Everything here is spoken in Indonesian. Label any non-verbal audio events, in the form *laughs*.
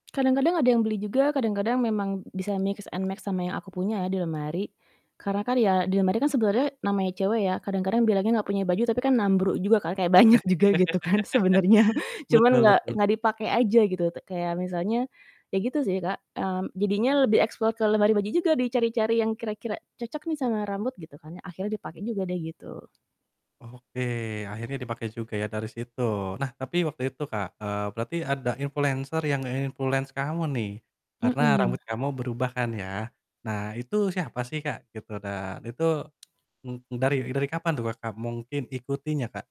Kadang-kadang ada yang beli juga, kadang-kadang memang b bisa mix and max sama yang aku punya ya di lemari. Karena kan ya di lemari kan sebenarnya namanya cewek ya kadang-kadang bilangnya gak punya baju, tapi kan nambru juga kan, kayak banyak juga gitu kan sebenarnya, *laughs* cuman Betul nggak betul. nggak dipake aja gitu te kayak misalnya iya gitu sih, Kak, mmm, jadinya lebih explore ke lemari baju juga, dicari-cari yang kira-kira cocok nih sama rambut gitu kan yang akhirnya dipake juga deh gitu. Oke. Akhirnya dipakai juga ya dari situ. Nah, tapi waktu itu, Kak, eee, berarti ada influenser yang nge-influence kamu nih, karena Mhm. rambut kamu berubah kan ya. Nah itu siapa sih, Kak? Gitu dan itu, mmm, dari dari kapan tuh Kakak mungkin ikutinya, Kak?